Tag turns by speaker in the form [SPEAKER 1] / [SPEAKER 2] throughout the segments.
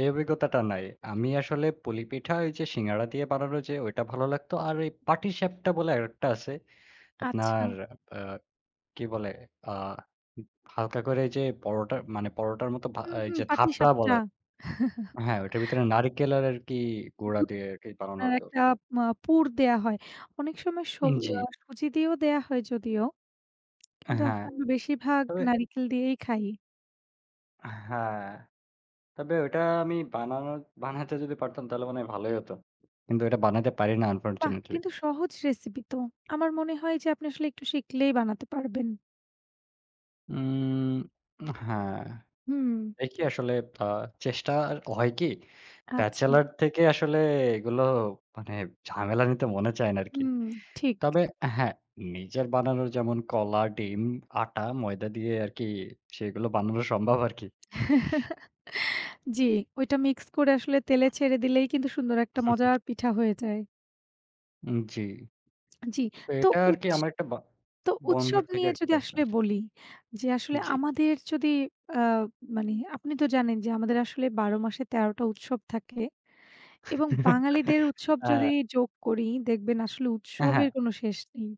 [SPEAKER 1] এই অভিজ্ঞতাটা নাই। আমি আসলে পুলি পিঠা ওইযে সিঙ্গাড়া দিয়ে বানানো যে ঐটা ভালো লাগতো। আর এই পাটিসাপটা বলে আরেকটা আছে। আপনার
[SPEAKER 2] আচ্ছা।
[SPEAKER 1] আ কি বলে আ উ হালকা করে যে পরোটা মানে পরোটার মত বা
[SPEAKER 2] হুম, হুম।
[SPEAKER 1] এইযে ধাপড়া বলো
[SPEAKER 2] পাটিসাপটা।
[SPEAKER 1] হ্যাঁ, ওইটার ভেতরে নারকেলের আরকি
[SPEAKER 2] উ
[SPEAKER 1] গোড়া দিয়ে আরকি বানানো
[SPEAKER 2] আপনার
[SPEAKER 1] হতো।
[SPEAKER 2] একটা আ পুর দেওয়া হয় অনেক সময় সু
[SPEAKER 1] উম জি।
[SPEAKER 2] আ সুজি দিয়েও দেওয়া হয় যদিও, কিন্তু
[SPEAKER 1] হ্যাঁ।
[SPEAKER 2] আসলে আমরা বেশিরভাগ
[SPEAKER 1] তবে
[SPEAKER 2] নারিকেল দিয়েই খাই।
[SPEAKER 1] হ্যাঁ। তবে ওটা আমি বানানো বানাতে যদি পারতাম তাহলে মনে হয় ভালোই হত। কিন্তু ওটা বানাতে পারি না
[SPEAKER 2] বাহ!
[SPEAKER 1] আনফরচুনেটলি।
[SPEAKER 2] কিন্তু সহজ রেসিপি তো। আমার মনে হয় যে আপনি আসলে একটু শিখলেই বানাতে পারবেন।
[SPEAKER 1] উম হ্যাঁ।
[SPEAKER 2] হুম।
[SPEAKER 1] এই কি আসলে আ চেষ্টা হয় কি
[SPEAKER 2] আচ্ছা।
[SPEAKER 1] ব্যাচেলর থেকে আসলে এগুলো মানে ঝামেলা নিতে মনে চায় না আরকি।
[SPEAKER 2] হুম, ঠিক।
[SPEAKER 1] তবে হ্যাঁ, নিজের বানানো যেমন কলা, ডিম, আটা, ময়দা দিয়ে আরকি সেগুলো বানানো সম্ভব আরকি।
[SPEAKER 2] জি, ওইটা মিক্স করে আসলে তেলে ছেড়ে দিলেই কিন্তু সুন্দর একটা মজার পিঠা হয়ে যায়।
[SPEAKER 1] উ জি।
[SPEAKER 2] আ জি,
[SPEAKER 1] তো
[SPEAKER 2] তো
[SPEAKER 1] এটা আরকি
[SPEAKER 2] উৎস
[SPEAKER 1] আমার একটা ব
[SPEAKER 2] তো
[SPEAKER 1] বন্ধুর
[SPEAKER 2] উৎসব
[SPEAKER 1] থেকে
[SPEAKER 2] নিয়ে
[SPEAKER 1] আরকি
[SPEAKER 2] যদি
[SPEAKER 1] পেয়েছিলাম।
[SPEAKER 2] আসলে বলি, যে আসলে
[SPEAKER 1] জি।
[SPEAKER 2] আমাদের যদি অ্যা মানে আপনি তো জানেন যে আমাদের আসলে ১২ মাসে ১৩ টা উৎসব থাকে এবং বাঙালিদের উৎসব যদি
[SPEAKER 1] হ্যাঁ।
[SPEAKER 2] যোগ করি, দেখবেন আসলে
[SPEAKER 1] হ্যাঁ।
[SPEAKER 2] উৎসবের কোনো শেষ নেই।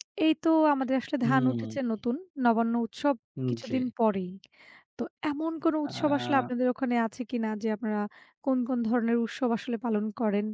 [SPEAKER 2] এই তো আমাদের আসলে ধান
[SPEAKER 1] হুম।
[SPEAKER 2] উঠেছে নতুন। নবান্ন উৎসব
[SPEAKER 1] উ জি।
[SPEAKER 2] কিছুদিন পরেই। তো এমন কোনো উৎসব আসলে
[SPEAKER 1] আ
[SPEAKER 2] আপনাদের ওখানে আছে কিনা যে আপনারা কোন, কোন ধরনের উৎসব আসলে পালন করেন?